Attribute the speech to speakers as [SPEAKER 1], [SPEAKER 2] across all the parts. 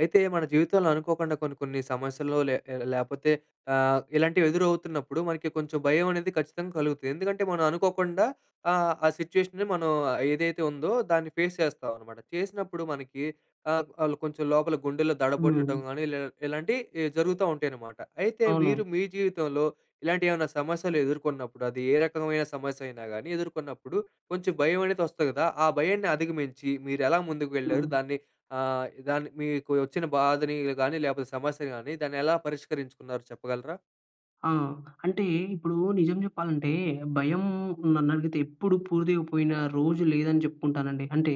[SPEAKER 1] అయితే, మన జీవితంలో అనుకోకుండా కొన్ని, కొన్ని సమస్యలు లే లేకపోతే ఆహ్, ఇలాంటివి ఎదురవుతున్నప్పుడు మనకి కొంచెం భయం అనేది ఖచ్చితంగా కలుగుతుంది. ఎందుకంటే మనం అనుకోకుండా ఆహ్, ఆ సిట్యుయేషన్‌ని మనం ఏదైతే ఉందో, దాన్ని ఫేస్ చేస్తామనమాట. చేసినప్పుడు మనకి ఆహ్, ఆళ్ళు కొంచెం లోపల గుండెల్లో దడబొట్టటం
[SPEAKER 2] హ్మ్.
[SPEAKER 1] గానీ, లె ఇలాంటి ఎ జరుగుత ఉంటాయి అనమాట. అయితే, మీరు
[SPEAKER 2] అవును.
[SPEAKER 1] మీ జీవితంలో ఇలాంటి ఏమన్నా సమస్యలు ఎదుర్కొన్నప్పుడు అది ఏ రకమైన సమస్య అయినా గాని ఎదుర్కొన్నప్పుడు, కొంచెం భయం అనేది వస్తుంది కదా. ఆ భయాన్ని అధిగమించి మీరు ఎలా ముందుకు వెళ్లారు?
[SPEAKER 2] హ్మ్.
[SPEAKER 1] దాన్ని ఆహ్, దాన్ని మీకు వచ్చిన బాధని ల్ గానీ లేకపోతే, సమస్య గానీ దాన్ని ఎలా పరిష్కరించుకున్నారు చెప్పగలరా?
[SPEAKER 2] ఆ! అంటే ఇప్పుడు నిజం చెప్పాలంటే, భయం నన్నడిగితే ఎప్పుడు పూర్తిగా పోయిన రోజు లేదని చెప్పుకుంటాను అండి. అంటే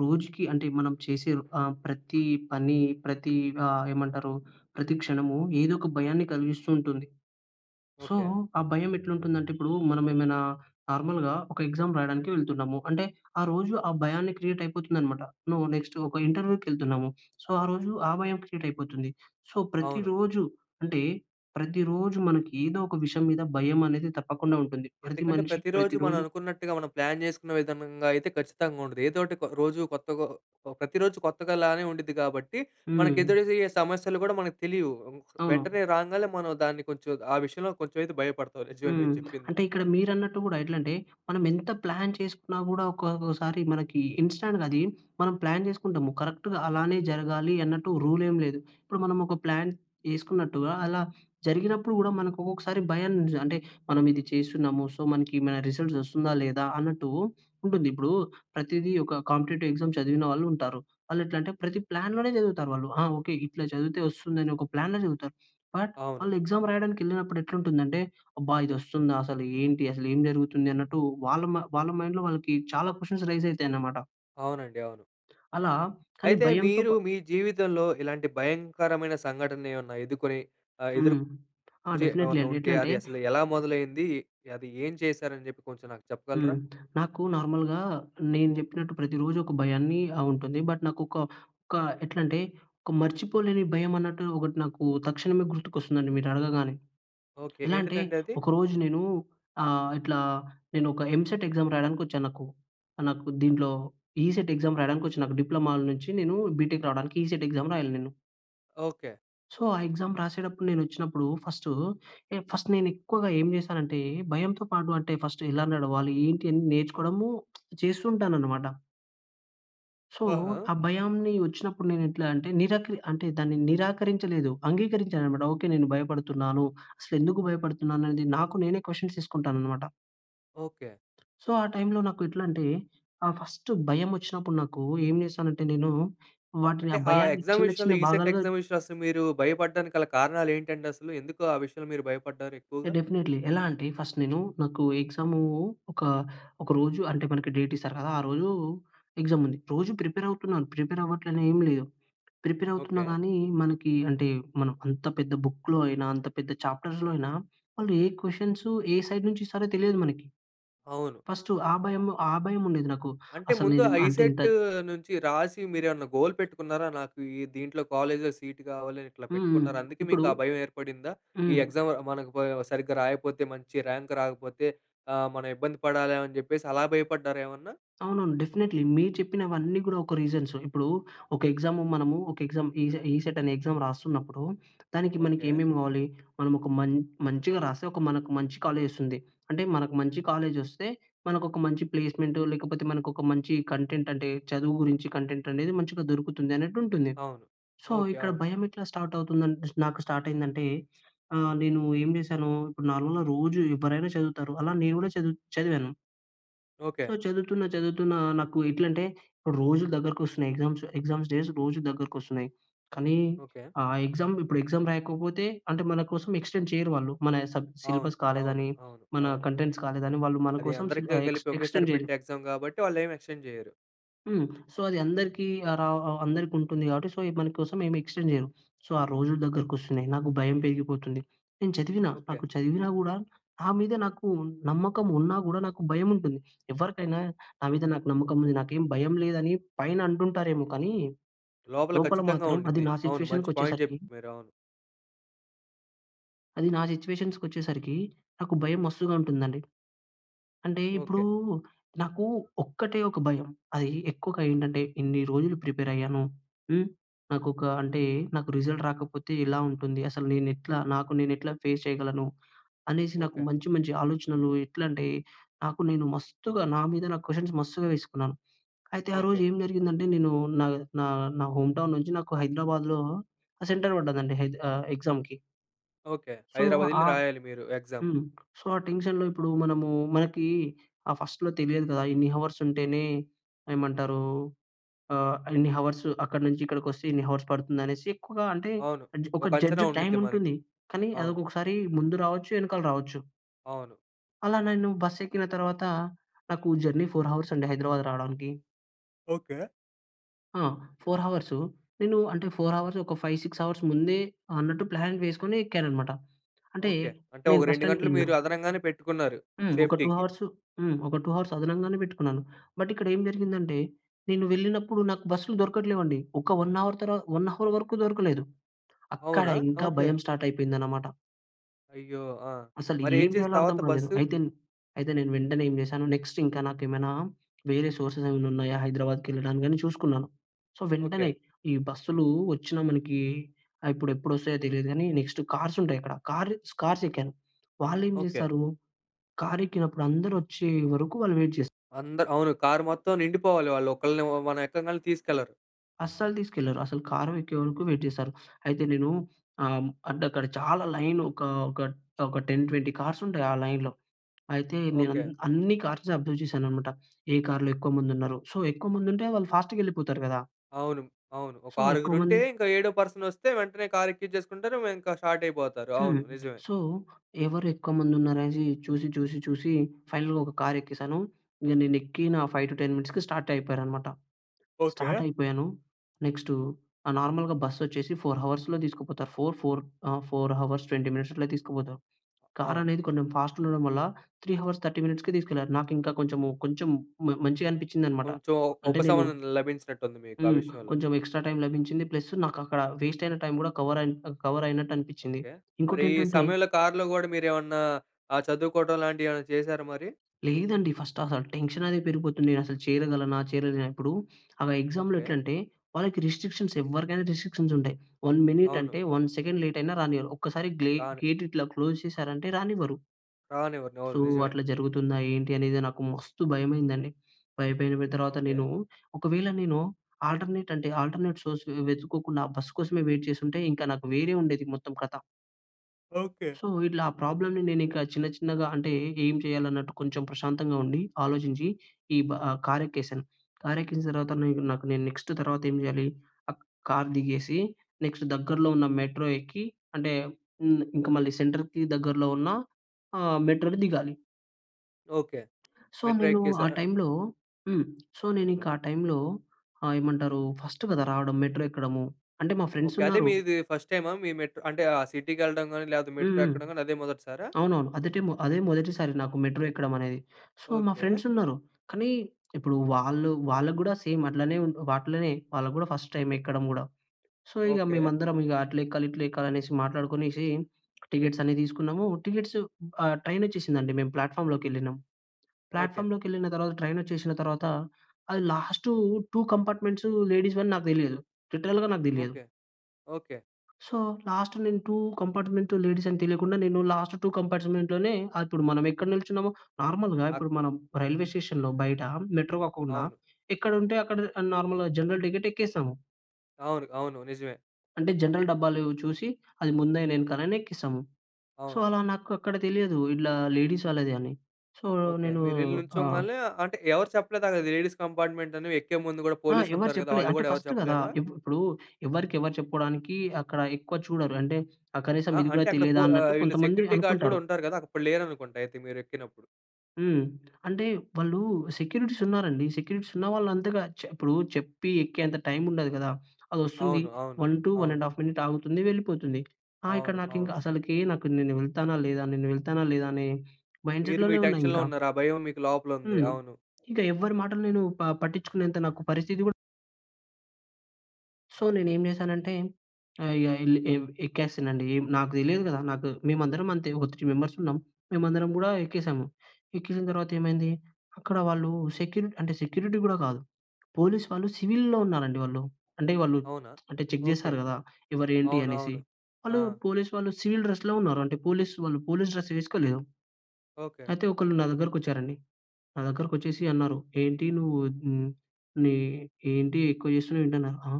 [SPEAKER 2] రోజుకి అంటే, మనం చేసే ఆహ్, ప్రతి పని, ప్రతి ఆహ్, ఏమంటారు, ప్రతి క్షణము ఏదో ఒక భయాన్ని కలిగిస్తూ ఉంటుంది. So,
[SPEAKER 1] okay.
[SPEAKER 2] ఆ భయం ఎట్లా ఉంటుందంటే, ఇప్పుడు మనం ఏమైనా నార్మల్‌గా ఒక ఎక్సామ్ రాయడానికి వెళ్తున్నాము. అంటే, ఆ రోజు ఆ భయాన్ని క్రియేట్ అయిపోతుంది అన్నమాట. నువు నెక్స్ట్ ఒక ఇంటర్వ్యూకెళ్తున్నాము సో, ఆ రోజు ఆ భయం క్రియేటైపోతుంది. సో,
[SPEAKER 1] అవును.
[SPEAKER 2] ప్రతిరోజు అంటే ప్రతిరోజు, మనకి ఏదో ఒక విషయం మీద భయం అనేది తప్పకుండా ఉంటుంది. ప్రతి
[SPEAKER 1] ఎందుకంటే,
[SPEAKER 2] మనిషికి
[SPEAKER 1] ప్రతిరోజు మనం
[SPEAKER 2] ప్రతిరోజు
[SPEAKER 1] అనుకున్నట్టుగా మనం ప్లాన్ చేసుకునే విధానంగా అయితే ఖచ్చితంగా ఉండదు. ఏదోకటి కొ రోజు కొత్తగా ప్రతిరోజు కొత్తగా లానే ఉండుద్ది గాబట్టి, మనకు
[SPEAKER 2] హ్మ్.
[SPEAKER 1] ఎదురయ్యే సమస్యలు కూడా మనకు తెలియవు.
[SPEAKER 2] అవును.
[SPEAKER 1] వెంటనే రాంగానే, మనం దాన్ని కొంచెం ఆ విషయంలో కొంచెం అయితే భయపడతాం. నిజమే
[SPEAKER 2] హ్మ్.
[SPEAKER 1] మీరు చెప్పింది.
[SPEAKER 2] అంటే ఇక్కడ మీరన్నట్టు కూడా ఎట్లంటే, మనం ఎంత ప్లాన్ చేసుకున్నా కూడా ఒకొక్కసారి మనకి ఇన్స్టాంట్‌గా అది మనం ప్లాన్ చేసుకుంటాము కరెక్ట్‌గా అలానే జరగాలి అన్నట్టు రూల్ ఏమి లేదు. ఇప్పుడు మనం ఒక ప్లాన్ యేసుకున్నట్టుగా అలా జరిగినప్పుడు కూడా మనకు ఒక్కొక్కసారి భయం, అంటే మనం ఇది చేస్తున్నాము సో, మనకి ఏమైనా రిజల్ట్స్ వస్తుందా, లేదా అన్నట్టు ఉంటుంది. ఇప్పుడు ప్రతిదీ ఒక కాంపిటేటివ్ ఎగ్జామ్ చదివిన వాళ్ళు ఉంటారు. వాళ్ళు ఎట్లంటే ప్రతి ప్లాన్‌ లోనే చదువుతారు వాళ్ళు. ఆ! ఓకె, ఇట్లా చదివితే వస్తుందని, ఒక ప్లాన్‌లో చదువుతారు. బట్,
[SPEAKER 1] అవును.
[SPEAKER 2] వాళ్ళు ఎగ్జామ్ రాయడానికెళ్ళినప్పుడు ఎట్లుంటుందంటే, అబ్బా! ఇది వస్తుందా అసలు ఏంటి, అసలు ఏం జరుగుతుంది, అన్నట్టు వాళ్ళ మ వాళ్ళ మైండ్‌లో వాళ్ళకి చాలా క్వెషన్ రైజ్ అయితయి అన్నమాట.
[SPEAKER 1] అవునండి, అవును.
[SPEAKER 2] అలా కానీ
[SPEAKER 1] అయితే
[SPEAKER 2] భయంతో ప
[SPEAKER 1] మీరు మీ జీవితంలో ఇలాంటి భయంకరమైన సంఘటన ఏమైనా ఎదుర్కొని ఆహ్, ఎదురు
[SPEAKER 2] హ్మ్, ఆ!
[SPEAKER 1] చి
[SPEAKER 2] డెఫినిట్లీ
[SPEAKER 1] ఏమన్నా
[SPEAKER 2] అండి
[SPEAKER 1] ఉంటే
[SPEAKER 2] ఎట్లా అంటే
[SPEAKER 1] అది అసలు ఎలా మొదలైంది? అది ఏం చేశారని చెప్పి కొంచెం నాకు
[SPEAKER 2] హ్మ్,
[SPEAKER 1] చెప్పగలరా?
[SPEAKER 2] నాకు నార్మల్‍గా నేను చెప్పినట్టు ప్రతిరోజు ఒక భయాన్ని ఉంటుంది. బట్ నాకు ఒక ఒక ఎట్లంటే ఒక మర్చిపోలేని భయం అన్నట్టు ఒకటి నాకు తక్షణమే గుర్తుకొస్తుందండి మీరు అడగగానే.
[SPEAKER 1] ఓకె.
[SPEAKER 2] ఎలా అంటే
[SPEAKER 1] ఏంటిదండి అది?
[SPEAKER 2] ఒకరోజు నేను ఆహ్, ఇట్లా నేను ఒక ఎంసెట్ ఎగ్జామ్ రాయడానికొచ్చా నాకు, నాకు దీంట్లో ఈసెట్ ఎగ్జామ్ రాయడానికొచ్చిన. నాకు డిప్లొమాల నుంచి నేను బీటెక్ రావడానికి ఈసెట్ ఎగ్జామ్ రాయాలి నేను.
[SPEAKER 1] ఓకె.
[SPEAKER 2] సో ఆ ఎగ్జామ్స్ రాసేటప్పుడు నేనొచ్చినప్పుడు ఫస్టు. ఫస్ట్ నేను ఎక్కువగా ఏం చేశాను అంటే భయంతో పాటు, అంటే ఫస్ట్ ఎలా నడవాలి ఏంటి నేర్చుకోవడము చేస్తూ ఉంటాను అన్నమాట. సో
[SPEAKER 1] ఆహా!
[SPEAKER 2] ఆ భయాన్ని వచ్చినప్పుడు నేను ఎట్లా నిరకరి అంటే దాన్ని నిరాకరించలేదు, అంగీకరించాను అన్నమాట. ఓకె నేను భయపడుతున్నాను. అసలు ఎందుకు భయపడుతున్నాను అనేది నాకు నేనే క్వెషన్స్ తీసుకుంటాను అన్నమాట.
[SPEAKER 1] ఓకె.
[SPEAKER 2] సో ఆ టైమ్‌లో నాకు ఎట్లా అంటే ఆహ్, ఫస్ట్ భయం వచ్చినప్పుడు నాకు ఏమి చేశాను అంటే నేను వాటిని
[SPEAKER 1] అంటే
[SPEAKER 2] ఆ
[SPEAKER 1] ఆ
[SPEAKER 2] భయాన్ని
[SPEAKER 1] ఎగ్జామ్
[SPEAKER 2] చిన్న
[SPEAKER 1] విషయంలో
[SPEAKER 2] చిన్న
[SPEAKER 1] ఈసెట్
[SPEAKER 2] భాగాలుగా
[SPEAKER 1] ఎగ్జామ్ విషయంలో అసలు మీరు భయపడడానికి గల కారణాలు ఏంటండి? అసలు ఎందుకు ఆ విషయంలో మీరు భయపడ్డారు
[SPEAKER 2] ఎ
[SPEAKER 1] ఎక్కువగా?
[SPEAKER 2] డెఫినెట్లీ. ఎలా అంటే ఫస్ట్ నేను నాకు ఎగ్జామ్ ఒక ఒక రోజు అంటే మనకి డేట్ ఇస్తారు కదా, ఆ రోజు ఎగ్జామ్ ఉంది. రోజు ప్రిపేర్ అవుతున్నాను ప్రిపేర్ అవ్వట్లనేమి లేవు ప్రిపేర్ అవుతున్నా
[SPEAKER 1] ఓకె.
[SPEAKER 2] కానీ మనకి అంటే మనం అంత పెద్ద బుక్‌లో అయినా అంత పెద్ద చాప్టర్స్‌లో అయినా వాళ్ళు ఏ క్వెషన్స్ ఏ సైడ్ నుంచి ఇస్తారో తెలియదు మనకి.
[SPEAKER 1] అవును.
[SPEAKER 2] ఫస్టు ఆ భయం ఆ భయం ఉండేది నాకు.
[SPEAKER 1] అంటే
[SPEAKER 2] అసలు
[SPEAKER 1] ముందు
[SPEAKER 2] నేను
[SPEAKER 1] ఆ
[SPEAKER 2] అంటే ఇంత
[SPEAKER 1] ఈసెట్ నుంచి రాసి మీరేమన్నా గోల్ పెట్టుకున్నారా? నాకు ఈ దీంట్లో కాలేజ్‌లో సీట్ కావాలి ఇట్లా
[SPEAKER 2] హ్మ్, హ్మ్.
[SPEAKER 1] పెట్టుకున్నారా అందుకే మీకు
[SPEAKER 2] ఇప్పుడు
[SPEAKER 1] ఆ భయం ఏర్పడిందా? ఈ
[SPEAKER 2] హ్మ్.
[SPEAKER 1] ఎగ్జామ్ మనకు సరిగ్గా రాయకపోతే మంచి ర్యాంక్ రాకపోతే ఆహ్, మనం ఇబ్బంది పడాలి అని చెప్పేసి అలా భయపడ్డారా ఏమన్నా?
[SPEAKER 2] అవునవును డెఫినెట్లీ. మీరు చెప్పినవన్నీ కూడా ఒక రీజన్సు. ఇప్పుడు ఒక ఎగ్జాము మనము ఒక ఎగ్జామ్ ఈసె ఈసెట్ అనే ఎగ్జామ్ రాస్తున్నప్పుడు దానికి మనకి
[SPEAKER 1] ఓకె.
[SPEAKER 2] ఏమేమి కావాలి? మనం ఒక మం మంచిగా రాస్తే ఒక మనకు మంచి కాలేజ్ వస్తుంది. అంటే మనకు మంచి కాలేజ్ ఒస్తే మనకు ఒక మంచి ప్లేస్‌మెంట్ లేకపోతే మనకొక మంచి కంటెంట్ అంటే చదువు గురించి కంటెంట్ అనేది మంచిగా దొరుకుతుంది అన్నట్టు ఉంటుంది.
[SPEAKER 1] అవును.
[SPEAKER 2] So
[SPEAKER 1] okay.
[SPEAKER 2] ఇక్కడ
[SPEAKER 1] అవును.
[SPEAKER 2] భయం ఎట్లా స్టార్ట్ అవుతుంది నాకు స్టార్ట్ అయిందంటే ఆహ్, నేను ఏం చేశాను, ఇప్పుడు నాల రోజు ఎవ్వరైనా చదువుతారు, అలా నేను కూడా చదువు చదివాను.
[SPEAKER 1] ఓకె.
[SPEAKER 2] సో చదువుతున్న చదువుతున్న నాకు ఎట్లా అంటే రోజులు దగ్గరకి వస్తున్నాయి. ఎగ్జామ్స్ ఎగ్జామ్స్ డేస్ రోజు దగ్గరికి వస్తున్నాయి. కానీ
[SPEAKER 1] ఓకె.
[SPEAKER 2] ఆ ఎగ్జామ్‌లు ఇప్పుడు ఎగ్జామ్ రాయకపోతే అంటే మన కోసం ఎక్స్‌టెండ్ చేయరు వాళ్ళు. మన సబ్
[SPEAKER 1] అవును,
[SPEAKER 2] సిలబస్
[SPEAKER 1] అవును,
[SPEAKER 2] కాలేదని,
[SPEAKER 1] అవును,
[SPEAKER 2] మన
[SPEAKER 1] అవును.
[SPEAKER 2] కంటెంట్స్ కాలేదని వాళ్ళు మన
[SPEAKER 1] అది
[SPEAKER 2] కోసం సి
[SPEAKER 1] అందరికి
[SPEAKER 2] ఎక్స్
[SPEAKER 1] కలిపి ఒకేసారి
[SPEAKER 2] ఎక్స్‌టెండ్ జేయరు.
[SPEAKER 1] పెట్టే ఎగ్జామ్ కాబట్టి వాళ్ళు ఏమి ఎక్స్‌టెండ్ చేయరు.
[SPEAKER 2] హ్మ్. సో, అది అందరికీ ఆర అందరికీ ఉంటుంది గాబట్టి సో, మనకోసం ఏమి ఎక్స్‌టెండ్ చేయరు. సో, ఆ రోజులు దగ్గరకి వస్తున్నాయి. నాకు భయం పెరిగిపోతుంది. నేను చదివినా,
[SPEAKER 1] ఓకే.
[SPEAKER 2] నాకు చదివినా కూడా నా మీద నాకు నమ్మకం ఉన్నా కూడా నాకు భయం ఉంటుంది. ఎవరికైనా నా మీద నాకు నమ్మకం ఉంది, నాకేం భయం లేదని పైన అంటుంటారేమో కానీ,
[SPEAKER 1] లోపల
[SPEAKER 2] లోపల
[SPEAKER 1] ఖచ్చితంగా
[SPEAKER 2] మాత్రం అది
[SPEAKER 1] ఉండిద్ది.
[SPEAKER 2] నా
[SPEAKER 1] అవును. మంచి పాయింట్
[SPEAKER 2] సిట్యుయేషన్‌కొచ్చేసరికి
[SPEAKER 1] చెప్పి మీరు అవును.
[SPEAKER 2] అది నా సిట్యుయేషన్స్‌కొచ్చేసరికి నాకు భయం మస్తుగా ఉంటుందండి. అంటే, ఇప్పుడు
[SPEAKER 1] ఓకే.
[SPEAKER 2] నాకు ఒక్కటే ఒక భయం. అది ఎక్కువగా ఏంటంటే, ఇన్ని రోజులు ప్రిపేరయ్యాను. హ్మ్, నాకొక అంటే, నాకు రిజల్ట్ రాకపోతే ఎలా ఉంటుంది, అసలు నేను ఎట్లా? నాకు నేను ఎట్లా ఫేస్ చేయగలను, అనేసి నాకు
[SPEAKER 1] ఓకే.
[SPEAKER 2] మంచి, మంచి ఆలోచనలు ఎట్లా అంటే నాకు నేను మస్తుగా నా మీద నాకు క్వెషన్స్ మస్తుగా వేసుకున్నాను. అయితే ఆ రోజు
[SPEAKER 1] ఓకే.
[SPEAKER 2] ఏం జరిగిందంటే, నేను నా నా నా హోమ్ టౌన్ నుంచి నాకు హైదరాబాద్‍లో ఆహ్, సెంటర్ పడ్డదండి హెద ఆహ్ ఎగ్జామ్‍కి.
[SPEAKER 1] ఓకే.
[SPEAKER 2] సో,
[SPEAKER 1] హైదరాబాద్ ఎళ్లి
[SPEAKER 2] ఆ
[SPEAKER 1] రాయాలి మీరు ఎగ్జాము?
[SPEAKER 2] హ్మ్. సో, ఆ టెన్షన్‌లో ఇప్పుడు మనము మనకి ఆహ్, ఫస్ట్‌లో తెలియదు కదా! ఇన్ని హౌర్స్ ఉంటేనే ఏమంటారు ఆహ్, ఎన్ని హౌర్స్ అక్కడి నుంచి ఇక్కడికొస్తే ఇన్ని హౌర్స్ పడుతుంది అనేసి ఎక్కువగా, అంటే
[SPEAKER 1] అవును.
[SPEAKER 2] జ్ ఒక
[SPEAKER 1] ఒక అంచనా
[SPEAKER 2] జడ్జ్ టైమ్
[SPEAKER 1] ఉండిద్ది మనకి.
[SPEAKER 2] ఉంటుంది. కానీ అది
[SPEAKER 1] అవును.
[SPEAKER 2] ఒకొకసారి ముందు రావచ్చు, వెనకాల రావచ్చు.
[SPEAKER 1] అవును.
[SPEAKER 2] అలా నన్ను బస్సెక్కిన తర్వాతా, నాకు జర్నీ 4 హవర్సండి హైదరాబాద్ రాడానికి.
[SPEAKER 1] ఓకే.
[SPEAKER 2] ఆ! 4 హవర్సు. నేను అంటే, 4 హవర్సు ఒక 5, 6 అవర్స్ ముందే, అన్నట్టు ప్లాన్ వేసుకొనే ఎక్కానన్నమాట. అంటే,
[SPEAKER 1] ఓకే. అంటే
[SPEAKER 2] నేను
[SPEAKER 1] ఓక
[SPEAKER 2] బస్
[SPEAKER 1] 2 గంటలు
[SPEAKER 2] స్టాండ్‌కెళ్ళిన.
[SPEAKER 1] మీరు అదనంగానే పెట్టుకున్నారు,
[SPEAKER 2] హ్మ్. ఒక 2
[SPEAKER 1] సేఫ్టీకి.
[SPEAKER 2] హవర్సు హ్మ్. ఒక 2 హవర్సదనంగానే పెట్టుకున్నాను. బట్ ఇక్కడేం జరిగిందంటే, నేను వెళ్ళినప్పుడు నాకు బస్సులు దొరకట్లేవండి. ఒక 1 అవర్ తర 1 హవర్‌ వరకు దొరకలేదు. అక్కడ
[SPEAKER 1] అవునా!
[SPEAKER 2] ఇంకా
[SPEAKER 1] ఓకే.
[SPEAKER 2] భయం స్టార్టయిపోయిందనమాట.
[SPEAKER 1] అయ్యో! ఆ!
[SPEAKER 2] అసలు
[SPEAKER 1] మరేం
[SPEAKER 2] ఏం
[SPEAKER 1] జేస్
[SPEAKER 2] జేయాలో
[SPEAKER 1] తర్వాత
[SPEAKER 2] అర్థం గాలేదు.
[SPEAKER 1] బస్సు?
[SPEAKER 2] అయితేన్ అయితే నేను వెంటనే ఏం జేశాను, నెక్స్టింకా నాకేమైనా వేరే సోర్సెస్ ఏమైనా ఉన్నాయా? హైదరాబాద్‌కెళ్ళడానికని చూసుకున్నాను. So,
[SPEAKER 1] okay.
[SPEAKER 2] వెంటనే, ఈ బస్సులు వచ్చినా మనకీ ఆహ్, ఇప్పుడు ఎప్పుడొస్తాయో తెలీదు గానీ, నెక్స్టు కార్సుంటాయక్కడ. కారిచ్ కార్సెక్కాను. వాళ్ళేం
[SPEAKER 1] ఓకే.
[SPEAKER 2] జేశారు, కారెక్కినప్పుడు, అందరూ వచ్చే వరకు వాళ్ళు వెయిట్ జేస్
[SPEAKER 1] అందర్ అవును. కారు మొత్తం నిండిపోవాలి. వాళ్ళు ఒకల్నొ మనం ఎక్కంగానే తీసుకెళ్లరు.
[SPEAKER 2] అస్సలు తీసుకెళ్లరు. అసలు కారు ఎక్కేవరకు వెయిట్ జేసారు. అయితే నేను, ఆ! హ్మ్, అంటే అక్కడ చాల లైను ఒకా ఒకట్ ఒక 10, 20 కార్సుంటాయి ఆ లైన్‌లో. అయితే నేను అన్
[SPEAKER 1] ఓకే.
[SPEAKER 2] అన్నీ కార్స్‌ని అబ్జర్వ్ జేశాననమాట. ఏ కార్‌లో ఎక్కువ మందున్నరో. సో, ఎక్కువ మందుంటే, వాళ్ళు ఫాస్ట్‌గెళ్ళిపోతారు గదా...
[SPEAKER 1] అవును. అవును. ఒక
[SPEAKER 2] సో,
[SPEAKER 1] ఆరుగురు
[SPEAKER 2] ఎక్కువ
[SPEAKER 1] ఉంటే,
[SPEAKER 2] మంది
[SPEAKER 1] ఇంక ఏడో పర్సనొస్తే, వెంటనే కారెక్కిచ్చేసుకుంటారు, మే ఇంకా షాటయిపోతారు.
[SPEAKER 2] హ్మ్.
[SPEAKER 1] అవును, నిజమే.
[SPEAKER 2] సో, ఎవరెక్కువ మందున్నారనేసి చూసి, చూసి, చూసి, ఫైనల్‌గొక కారెక్కేసాను. ఇంగ నేనెక్కిన 5-10 మినిట్స్‌కి స్టార్టయిపోయారనమాట.
[SPEAKER 1] ఓకే.
[SPEAKER 2] స్టార్టయిపోయాను, నెక్స్టు ఆహ్, నార్మల్‍గా బస్సొచ్చేసి 4 హవర్సులో తీసుకుపోతారు, 4, 4 ఆహ్, 4:20 మినిట్స్ అట్లే తీసుకుపోతారు,
[SPEAKER 1] అవును.
[SPEAKER 2] కారనేది కొంచెం ఫాస్టుండడం వల్ల, 3:30 మినిట్స్‌కి తీసుకెళ్లారు. నాకింకా కొంచెము, కొంచెం మ మంచిగనిపించిందనమాట.
[SPEAKER 1] కొంచెం ఓహ్,
[SPEAKER 2] అంటే నేను
[SPEAKER 1] ఉపశమనం లభించినట్టుంది మీకు, ఆ
[SPEAKER 2] హ్మ్,
[SPEAKER 1] విషయంలో.
[SPEAKER 2] కొంచెం ఎక్స్ట్రా టైమ్ లభించింది. ప్లస్సు నాకక్కడ వేస్టయిన టైమ్ గూడా కవరయిన్ ఆహ్, కవరయినట్టు అనిపిచ్చింది.
[SPEAKER 1] ఓకే. మరి
[SPEAKER 2] ఇంకోటి
[SPEAKER 1] ఈ
[SPEAKER 2] ఏంటంటే
[SPEAKER 1] సమయంలో కార్‌లో గూడా మీరేమన్నా ఆహ్, చదువుకోటం లాంటియేమన్నా చేసారా మరి?
[SPEAKER 2] లేదండి, ఫస్టసలు టెన్షనదీ పెరిగిపోతుంది. నేనసలు చేరగలనా? చేరలేన? ఇప్పుడు, అలా ఎగ్జామ్‌లో
[SPEAKER 1] ఓకే.
[SPEAKER 2] ఎట్లంటే, వాళ్ళకి రిస్ట్రిక్షన్స్ ఎవ్వరికైనా రిస్ట్రిక్షన్సుంటాయి. 1
[SPEAKER 1] అవును.
[SPEAKER 2] మినేటంటే, 1 సెకండ్ లేటయినా రానియ్యరు. ఒక్కసారి గ్లే
[SPEAKER 1] రాని...
[SPEAKER 2] గేటిట్లా క్లోజ్ జేషారంటే రానివ్వరు...
[SPEAKER 1] రానివ్వరిని.
[SPEAKER 2] సో,
[SPEAKER 1] అవును నిజమే.
[SPEAKER 2] అట్లా జరుగుతుందా ఏంటి, అనేది, నాకు మస్తు భయమైందండి. పైపైన బెట్ తర్వాత
[SPEAKER 1] ఓకే.
[SPEAKER 2] నేను, ఒకవేళ నేను ఆల్టర్నేటంటే, ఆల్టర్నేట్ సోర్సు వెతుక్కోకుండా బస్ కోసమే వెయిట్ జేసుంటే, ఇంకా నాకు వేరే ఉండేది, మొత్తం కథ.
[SPEAKER 1] ఓకే.
[SPEAKER 2] సో, ఇట్లా ఆ ప్రాబ్లమ్‌ని నేనికా చిన్న చిన్నగా అంటే, ఏం చెయ్యలన్నట్టు కొంచం ప్రశాంతంగా ఉండి, ఆలోచించి ఈ బ ఆహ్, కారెక్కేశాను. కారెక్కేసిన తర్వాత నీకు నాకు నేను నెక్స్ట్ తర్వాత ఏం జెయాలి? అక్ కార్ దిగేసి నెక్స్ట్ దగ్గరలో ఉన్న మెట్రో ఎక్కి అంటే హ్మ్. ఇంక మళ్ళీ సెంటర్‌కి దగ్గరలో ఉన్న ఆహ్, మెట్రోలో దిగాలి.
[SPEAKER 1] ఓకే.
[SPEAKER 2] సో,
[SPEAKER 1] మెట్రో
[SPEAKER 2] నేనూ
[SPEAKER 1] ఎక్కేశా?
[SPEAKER 2] ఆ టైమ్‌లో హ్మ్. సో, నేనింక ఆ టైమ్‌లో ఆహ్, ఏమంటరూ? ఫస్ట్ గదా రావడం, మెట్రో ఎక్కడము. అంటే, మా
[SPEAKER 1] ఓకే. అదే
[SPEAKER 2] ఫ్రెండ్సున్నారు.
[SPEAKER 1] మీదీ ఫస్టైమా? మీ మెట్ అంటే, ఆ సిటీకెళ్ళడం గాని, లేపోతే
[SPEAKER 2] హ్మ్.
[SPEAKER 1] మెట్రో
[SPEAKER 2] హ్మ్.
[SPEAKER 1] ఎక్కడం గాని అదే మొదటిసారా?
[SPEAKER 2] అవునవును. అదెటేమో అదే మొదటిసారి నాకు మెట్రో ఎక్కడం అనేది. సో, మా
[SPEAKER 1] ఓకే.
[SPEAKER 2] ఫ్రెండ్సున్నరు, కానీ ఇప్పుడు వాళ్ళు వాళ్ళకు గూడా సేమ్ అట్లనే ఉండు అట్లనే వాళ్ళకు గూడా ఫస్టైమ్ ఎక్కడం గూడా. సో, ఇగ
[SPEAKER 1] ఓకే.
[SPEAKER 2] మేమందరమిగ అట్లెక్కాలి, ఇట్లెక్కాలి అనేసి మాట్లాడుకొనేసీ టికెట్సన్నీ తీసుకున్నమూ. టికెట్సు ఆహ్, ట్రైనొచ్చేసిందండి. మేము ప్లాట్ఫామ్‌లోకెళ్ళినం.
[SPEAKER 1] ఓకె.
[SPEAKER 2] ప్లాట్ఫామ్‌లోకెళ్ళిన తర్వాత ట్రైనొచ్చేషిన తర్వాత, అది లాస్టూ 2 కంపార్ట్మెంట్సూ లేడీస్‌వని నాకు దెలియదు. లిటరల్‌గా నాకు దెలియదు.
[SPEAKER 1] ఓకే. ఓకే.
[SPEAKER 2] సో, లాస్ట్ నేను 2 కంపార్ట్మెంటు లేడీసని తెలియకుండా నేను లాస్ట్ 2 కంపాట్స్‌మెంట్‌లోనే ఆహ్, ఇప్పుడు మనం ఎక్కడ నిల్చున్నామో నార్మల్‌గా
[SPEAKER 1] అక్
[SPEAKER 2] ఇప్పుడు మనం రైల్వే స్టేషన్‌లో బయట మెట్రో కాకుండా,
[SPEAKER 1] అవును.
[SPEAKER 2] ఎక్కడుంటే అక్కడ ఆహ్, నార్మల్‌గా జనరల్ టికెట్ ఎక్కేసాము.
[SPEAKER 1] అవును. అవును. నిజమే.
[SPEAKER 2] అంటే, జనరల్ డబ్బాలు చూసి, అది ముందైనెనకనైనా ఎక్కేసాము. సో,
[SPEAKER 1] అవును.
[SPEAKER 2] అలా నాకు అక్కడ తెలియదు ఇట్లా లేడీసోళ్ళదని. So,
[SPEAKER 1] okay.
[SPEAKER 2] నేనూ
[SPEAKER 1] మీరెళ్ళి
[SPEAKER 2] ఆ!
[SPEAKER 1] నుంచోగాళే అంటే, ఎవరు చెప్పలేదా? అది లేడీస్ కంపార్ట్మెంటని. నువ్వేక్కే ముందు గూడా
[SPEAKER 2] ఆ! ఎవరు
[SPEAKER 1] పోలీసుంటారు గదా!
[SPEAKER 2] చెప్పలే.
[SPEAKER 1] ఆళ్ళు
[SPEAKER 2] అంటే
[SPEAKER 1] గూడా ఎవరు
[SPEAKER 2] ఫస్టు గదా!
[SPEAKER 1] చెప్పలేదా?
[SPEAKER 2] ఇప్ ఇప్పుడూ, ఎవరికి ఎవరు చెప్పుకోడానికి, అక్కడ ఎక్కువ చూడరు. అంటే ఆహ్, కనీసం
[SPEAKER 1] ఆ!
[SPEAKER 2] ఇది
[SPEAKER 1] అంటే
[SPEAKER 2] కూడా
[SPEAKER 1] అక్కడ పో
[SPEAKER 2] తెలియదా? అన్నట్టు
[SPEAKER 1] ఆహ్, వీళ్ళు
[SPEAKER 2] కొంతమంది
[SPEAKER 1] సెక్యూరిటీ గార్డ్స్ గూడా
[SPEAKER 2] అనుకుంటారు.
[SPEAKER 1] ఉంటారు గద! అప్పుడు లేరనుకుంటా అయితే మీరెక్కినప్పుడు.
[SPEAKER 2] హ్మ్. అంటే వాళ్ళు సెక్యూరిటీస్ ఉన్నారండి. సెక్యూరిటీస్ ఉన్నా వాళ్ళుంతగా చె ఇప్పుడు చెప్పి ఎక్కేంత టైముండదు గదా! అదొస్తుంది,
[SPEAKER 1] అవును. అవును.
[SPEAKER 2] వన్ టూ వన్
[SPEAKER 1] అవును.
[SPEAKER 2] అండ్ హాఫ్ మినిటాగుతుంది వెళ్ళిపోతుంది. ఆ! ఇక్కడ
[SPEAKER 1] అవును.
[SPEAKER 2] నాకింక
[SPEAKER 1] అవును.
[SPEAKER 2] అసలకీ నాకు నేను వెళ్తానా? లేదా? నేను వెళ్తానా? లేదా? అనే
[SPEAKER 1] మీరు మీ
[SPEAKER 2] మైండ్‌సెట్‌లోనే ఉన్నా
[SPEAKER 1] టెన్షన్‌లో
[SPEAKER 2] ఇంకా.
[SPEAKER 1] ఉన్నారు, ఆ భయం మీకు లోపలుంది,
[SPEAKER 2] హ్మ్.
[SPEAKER 1] అవును.
[SPEAKER 2] ఇంక యెవ్వరి మాటలు నేను ప పట్టించుకునేంత నాకు పరిస్థితి కూడా సో, నేనేం జేశానంటే, ఆహ్, ఇగ ఎళ్ ఎవ్ ఎక్కేసానండి. ఏం నాకు తెలీదు గదా! నాకు మేమందరమంతే. ఓ త్రీ మెంబర్స్ ఉన్నాం. మేమందరం గూడా ఎక్కేసాము. ఎక్కేసిన తర్వాతేమైంది, అక్కడ వాళ్ళు సెక్యూరీ అంటే సెక్యూరిటీ కూడా గాదు. పోలీసు వాళ్ళు సివిల్‌లో ఉన్నారండి వాళ్ళు. అంటే వాళ్ళు
[SPEAKER 1] అవునా?
[SPEAKER 2] అంటే చెక్
[SPEAKER 1] ఓకె.
[SPEAKER 2] జేస్తారు గదా! ఎవరేంటి అనేసి.
[SPEAKER 1] అవునవును. ఆ!
[SPEAKER 2] వాళ్ళు పోలీస్ వాళ్ళు సివిల్ డ్రెస్‌లో ఉన్నారు. అంటే, పోలీస్ వాళ్ళు పోలీస్ డ్రెస్ వేసుకోలేదు.
[SPEAKER 1] ఓకె.
[SPEAKER 2] అయితే, ఒకళ్ళు నా దగ్గరకొచ్చారండి. నా దగ్గరకొచ్చేసి అన్నారు, "ఏంటి నువ్వు హ్మ్, నీ ఏంటి ఎక్కువ జేస్తున్నావు? ఏంటన్నారు." ఆ!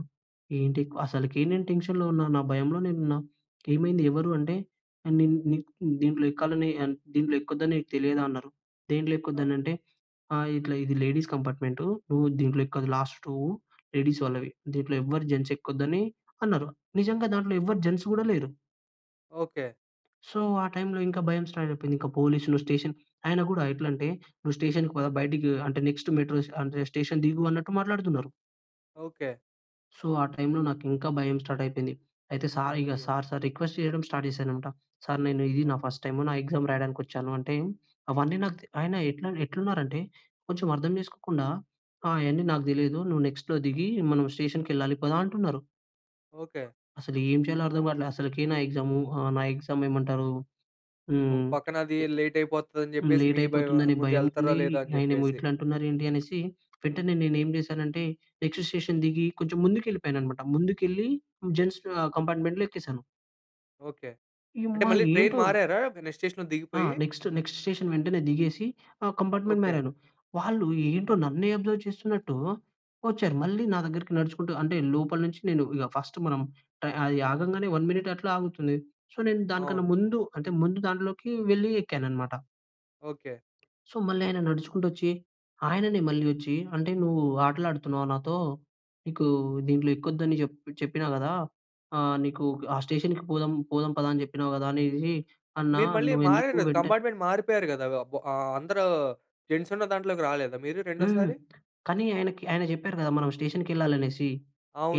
[SPEAKER 2] ఏంటి? అసలికీ నేను టెన్షన్‌లో ఉన్నా. నా భయంలో నేనున్నా. ఏమైంది? ఎవరు? అంటే, "ఏ నిన్ నీ దీంట్లో ఎక్కాలని అన్ దీంట్లో ఎక్కొద్దని నీకు తెలియదా?" అన్నరు. దేంట్లో
[SPEAKER 1] ఆ!
[SPEAKER 2] ఎక్కొదనంటే? ఆహ్, ఇట్లా "ఇది లేడీస్ కంపార్ట్మెంటు, నువ్వు దీంట్లో ఎక్కదు, లాస్ట్ టువ్వు లేడీస్ వాళ్ళవి దీంట్లో ఎవ్వరు జెంట్స్ ఎక్కొద్దని" అన్నారు. నిజంగా దాంట్లో ఎవ్వరు జెంట్స్ గూడా లేరు.
[SPEAKER 1] ఓకే.
[SPEAKER 2] సో ఆ టైంలో ఇంకా భయం స్టార్ట్ అయిపోయింది. ఇంకా పోలీస్‌లు, స్టేషన్. ఆయన కూడా ఎట్లంటే, నువ్వు స్టేషన్‌కి పదా! బయటికి అంటే, నెక్స్ట్ మెట్రో అంటే, స్టేషన్ దిగు అన్నట్టు మాట్లాడుతున్నారు.
[SPEAKER 1] ఓకే.
[SPEAKER 2] సో ఆ టైమ్‌లో నాకు ఇంకా భయం స్టార్ట్ అయిపోయింది. అయితే సార్ ఇక
[SPEAKER 1] అయ్యో!
[SPEAKER 2] సార్, సార్ రిక్వెస్ట్ చేయడం స్టార్ట్ చేశానన్నమాట. సార్ నేను ఇది
[SPEAKER 1] ఓహ్!
[SPEAKER 2] నా ఫస్ట్ టైమ్ నా ఎగ్జామ్ రాయడానికి వచ్చానంటే, అవన్నీ నాకు తే ఆయన ఎట్ల ఎట్లున్నారంటే కొంచెం అర్థం చేసుకోకుండా, ఆహ్, అయన్నీ నాకు తెలీదు. నువ్వు నెక్స్ట్‌లో దిగి, మనం స్టేషన్‌కి వెళ్ళాలి పదా అంటున్నారు.
[SPEAKER 1] ఓకే.
[SPEAKER 2] అసలు ఏం చేయాలో అర్థంకాట్ల. అసలకి నా ఎగ్జాము ఆహ్, నా ఎగ్జామ్ ఎమ్ ఏమంటారు?
[SPEAKER 1] ఒక
[SPEAKER 2] హ్మ్,
[SPEAKER 1] పక్కన అది లేట్ అయిపోతది అని
[SPEAKER 2] లే
[SPEAKER 1] చెప్పేసి,
[SPEAKER 2] లేట్
[SPEAKER 1] మీ భయం ఆహ్,
[SPEAKER 2] అయిపోతుందని
[SPEAKER 1] ముందు
[SPEAKER 2] భయం
[SPEAKER 1] వెళ్తారా?
[SPEAKER 2] ఉంది.
[SPEAKER 1] లేదా? అని
[SPEAKER 2] ఆయనేమో
[SPEAKER 1] చెప్పేసి.
[SPEAKER 2] ఇట్లా అంటున్నారు ఏంటి అనేసి వెంటనే నేనేం చేశాను అంటే, నెక్స్ట్ స్టేషన్ దిగి కొంచెం ముందుకు వెళ్ళిపోయానన్నమాట. ముందుకెళ్ళి జెంట్స్ ఆహ్, కంపార్ట్మెంట్‌లో ఎక్కేసాను.
[SPEAKER 1] ఓకే. అంటే
[SPEAKER 2] యుమ్మా!
[SPEAKER 1] మళ్ళీ ట్రైన్
[SPEAKER 2] ఏంటిరొ
[SPEAKER 1] మారారా, మీరు నెక్స్ట్ స్టేషన్‌లో
[SPEAKER 2] ఆ!
[SPEAKER 1] దిగిపోయి?
[SPEAKER 2] నెక్స్ట్ నెక్స్ట్ స్టేషన్ వెంటనే దిగేసి ఆహ్, కంపార్ట్మెంట్
[SPEAKER 1] ఓకే.
[SPEAKER 2] మారాను. వాళ్ళు ఏంటో నన్నే అబ్జర్వ్ చేస్తున్నట్టు వచ్చారు. మళ్ళీ నా దగ్గరికి నడుచుకుంటూ అంటే, లోపల నుంచి నేను ఇక ఫస్ట్ మనం అది ఆగంగానే 1 మినిట్ అట్లా ఆగుతుంది. సో నేను దానికన్నా
[SPEAKER 1] అవును.
[SPEAKER 2] ముందు అంటే, ముందు దాంట్లోకి వెళ్లి ఎక్కానన్నమాట.
[SPEAKER 1] ఓకె.
[SPEAKER 2] సో, మళ్ళీ ఆయన నడుచుకుంటూ వచ్చి, ఆయననే మళ్ళి వచ్చి, అంటే నువ్వు ఆటలు ఆడుతున్నావా నాతో? నీకు దీంట్లో ఎక్కోదు అని చెపి చెప్పినా కదా! ఆహ్, నీకు ఆ స్టేషన్‌కి పోదాం పోదాం పద అని చెప్పినావు కదా! అనేసిసి.
[SPEAKER 1] బట్
[SPEAKER 2] అన్నా
[SPEAKER 1] మీరు మళ్ళీ
[SPEAKER 2] నువ్వు
[SPEAKER 1] మారారు
[SPEAKER 2] ఎందుకు
[SPEAKER 1] కదా!
[SPEAKER 2] వెంటనే
[SPEAKER 1] కంపార్ట్మెంట్ మారిపోయారు కదా. అబ్ ఆహ్, అందరు జెంట్స్ ఉన్న దాంట్లోకి రాలేదా మీరు
[SPEAKER 2] హ్మ్.
[SPEAKER 1] రెండోసారి?
[SPEAKER 2] కానీ ఆయనకి ఆయన చెప్పారు కదా! మనం స్టేషన్‍కి వెళ్ళాలి అనేసి,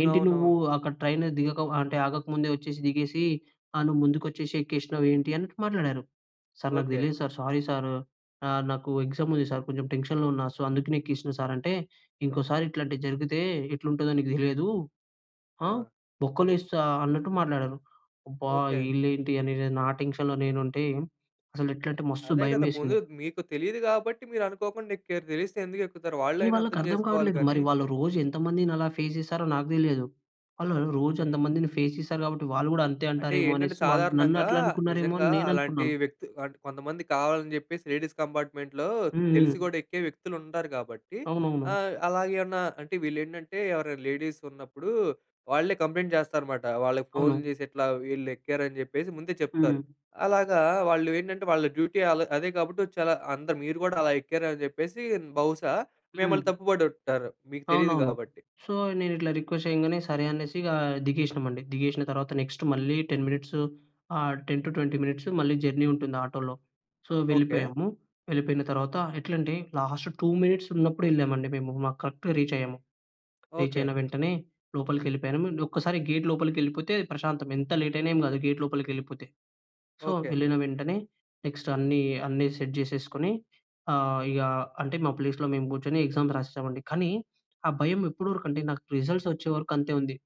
[SPEAKER 2] "ఏంటి నువ్వు అక్కడ ట్రైన్ దిగక అంటే ఆగకముందే వచ్చేసి, దిగేసి ఆహ్, నువ్వు ముందుకొచ్చేసి, ఎక్కేసినావు ఏంటి" అన్నటు మాట్లాడారు. "సార్ నాకు
[SPEAKER 1] ఓకే.
[SPEAKER 2] తెలీదు సార్. Sorry sir. ఆహ్, నాకు ఎగ్జామ్ ఉంది సార్. కొంచెం టెన్షన్‌లో ఉన్నా. సో, అందుకనే ఎక్కేసినా సార్. అంటే, "ఇంకోసారి ఇట్లాంటివి జరిగితే ఎట్లుంటుందో నీకు తెలియదు. ఆ!
[SPEAKER 1] ఆ!
[SPEAKER 2] బొక్కలో ఎ‌స్తా," అన్నట్టు మాట్లాడారు. అబ్బా!
[SPEAKER 1] ఓకే.
[SPEAKER 2] వీళ్ళు ఏంటి అని నా టెన్షన్‌లో నేను ఉంటే, అసలు ఎట్లంటే మస్తు
[SPEAKER 1] అదే కదా! ముందు
[SPEAKER 2] భయమేసింది.
[SPEAKER 1] మీకు తెలియదు కాబట్టి, మీరు అనుకోకుండా ఎక్కారు. తెలిస్తే ఎందుకు ఎక్కుతారు? వాళ్ళు అయినా
[SPEAKER 2] వాళ్ళకి
[SPEAKER 1] అర్థం
[SPEAKER 2] అర్థం
[SPEAKER 1] చేసుకోవాలి
[SPEAKER 2] కావట్లేదు. మరి
[SPEAKER 1] గాని.
[SPEAKER 2] వాళ్ళు రోజు ఎంత మందిని అలా ఫేస్ చేసారో నాకు తెలియదు. వాళ్ళు వాళ్ళు రో రోజు
[SPEAKER 1] హ్మ్.
[SPEAKER 2] అంతమందిని ఫేస్ చేసారు కాబట్టి, వాళ్ళు కూడా అంతే
[SPEAKER 1] అంటే
[SPEAKER 2] అంటారేమో
[SPEAKER 1] ఏంటంటే
[SPEAKER 2] అనేసి. వాళ్ళు నన్ను
[SPEAKER 1] సాధారణంగా,
[SPEAKER 2] అట్లా అనుకున్నారేమో అని
[SPEAKER 1] నిజంగా
[SPEAKER 2] నేను
[SPEAKER 1] అలాంటి
[SPEAKER 2] అనుకున్నాను.
[SPEAKER 1] వ్యక్తి అంటే కొంతమంది కావాలని చెప్పేసి లేడీస్ కంపార్ట్మెంట్‌లో, తెలిసి
[SPEAKER 2] హుహు.
[SPEAKER 1] కూడా ఎక్కే వ్యక్తులు ఉంటారు. కాబట్టి
[SPEAKER 2] అవునవును.
[SPEAKER 1] ఆహ్, అలాగే ఏమన్నా అంటే వీళ్ళు ఏంటంటే ఎవరైనా లేడీస్ ఉన్నప్పుడు వాళ్ళే కంప్లెయింట్ చేస్తారనమాట. వాళ్ళకి
[SPEAKER 2] అవును.
[SPEAKER 1] ఫోన్‌లు చేసి, ఇట్లా వీళ్ళు ఎక్కారని చెప్పేసి ముందే
[SPEAKER 2] హ్మ్.
[SPEAKER 1] చెప్తారు. అలాగా వాళ్ళు ఏంటంటే, వాళ్ళ డ్యూటీ వాళ్ళ అదే కాబట్టి, చాలా అందరు, మీరు కూడా అలా ఎక్కారు అని చెప్పేసి, బహుశా మిమ్మల్ని
[SPEAKER 2] హ్మ్.
[SPEAKER 1] తప్పు పడి ఉంటారు. మీకు తెలీదు
[SPEAKER 2] అవునవును.
[SPEAKER 1] కాబట్టి.
[SPEAKER 2] సో, నేను ఇట్లా రిక్వెస్ట్ చేయంగానే సరే అనేసి ఇగా దిగేసినామండి. దిగేసిన తర్వాత నెక్స్ట్ మళ్ళీ 10 మినిట్స్ ఆహ్, 10-20 మినిట్స్ మళ్ళీ జర్నీ ఉంటుంది ఆటోలో. So,
[SPEAKER 1] okay.
[SPEAKER 2] వెళ్ళిపోయాము. వెళ్ళిపోయిన తర్వాత ఎట్లంటే 2 మినిట్స్ ఉన్నప్పుడు వెళ్ళామండి, మేము. మాకు కరెక్ట్‌గా రీచ్ అయ్యాము. Reach
[SPEAKER 1] okay.
[SPEAKER 2] అయిన వెంటనే లోపలికి వెళ్ళిపోయాము. ఒక్కసారి గేట్ లోపలికి వెళ్ళిపోతే ప్రశాంతం. ఎంత లేట్ అయినా ఏమి కాదు. గేట్ లోపలికి వెళ్ళిపోతే. So,
[SPEAKER 1] okay.
[SPEAKER 2] వెళ్ళిన వెంటనే నెక్స్ట్ అన్ని, అన్ని సెట్ చేసేసుకొని ఆహ్, ఇగా అంటే మా ప్లేస్‌లో మేము కూర్చొని ఎగ్జామ్స్ రాసేసాం అండి. కానీ ఆ భయం ఎప్పటి వరకు అంటే, నాకు రిజల్ట్ వచ్చేవరకు అంతే ఉంది.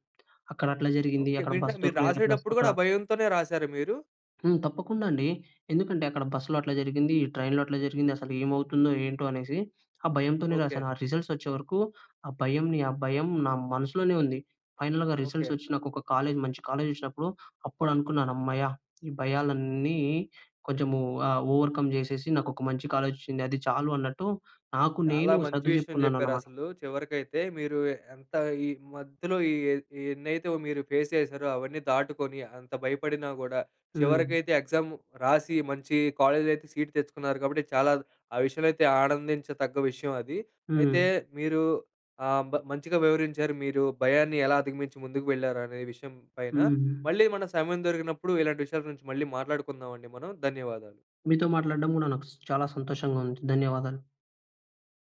[SPEAKER 2] అక్కడ అట్లా జరిగింది,
[SPEAKER 1] ఓకే.
[SPEAKER 2] అక్కడ
[SPEAKER 1] మీరు
[SPEAKER 2] బస్
[SPEAKER 1] ఇందాక, మీరు
[SPEAKER 2] దొరకలేదు. ప్లస్
[SPEAKER 1] రాసేటప్పుడు కూడా
[SPEAKER 2] అక్కడ
[SPEAKER 1] ఆ భయంతోనే రాసారా మీరు?
[SPEAKER 2] హ్మ్. తప్పకుండా అండి. ఎందుకంటే, అక్కడ బస్సులో అట్లా జరిగింది. ఈ ట్రైన్‌లో అట్లా జరిగింది. అసలు ఏమవుతుందో? ఏంటో? అనేసి, ఆ భయంతోనే
[SPEAKER 1] ఓకే.
[SPEAKER 2] రాసాను. ఆ రిజల్ట్స్ వచ్చేవరకు ఆ భయంని, ఆ భయం నా మనసులోనే ఉంది. ఫైనల్‌గా రిజల్ట్స్
[SPEAKER 1] ఓకే.
[SPEAKER 2] వచ్చి నాకు ఒక కాలేజ్ మంచి కాలేజ్ వచ్చినప్పుడు, అప్పుడు అనుకున్నాను అమ్మయ్య! ఈ భయాలన్నీ కొంచెం ఆహ్, ఓవర్కమ్ చేసేసి, నాకు ఒక మంచి కాలేజ్ వచ్చింది. అది చాలు అన్నట్టు నాకు,
[SPEAKER 1] చాలా
[SPEAKER 2] నేను
[SPEAKER 1] మంచి
[SPEAKER 2] సర్దు
[SPEAKER 1] విషయం చెప్పారు.
[SPEAKER 2] చెప్పుకున్నానన్నమాట.
[SPEAKER 1] అసలు చివరికైతే మీరు ఏ ఎంత ఈ మధ్యలో ఈ ఈ ఎన్నైతే మీరు ఫేస్ చేసారో అవన్నీ దాటుకొని అంత భయపడినా కూడా,
[SPEAKER 2] హ్మ్.
[SPEAKER 1] చివరికైతే ఎగ్జామ్ రాసి, మంచి కాలేజీలో అయితే సీట్ తెచ్చుకున్నారు. కాబట్టి, చాలా ఆ విషయంలో అయితే ఆనందించతగ్గ విషయం అది. అయితే
[SPEAKER 2] హ్మ్.
[SPEAKER 1] మీరు ఆహ్, మంచిగా వివరించారు. మీరు భయాన్ని ఎలా అధిగమించి ముందుకు వెళ్లారు, అనే విషయం పైన
[SPEAKER 2] హ్మ్. హ్మ్.
[SPEAKER 1] మళ్ళీ మన సమయం దొరికినప్పుడు ఇలాంటి విషయాల గురించి మళ్ళీ మాట్లాడుకుందామండి మనం. ధన్యవాదాలు.
[SPEAKER 2] మీతో మాట్లాడడం కూడా నాకు స్ చాలా సంతోషంగా ఉంది. ధన్యవాదాలు.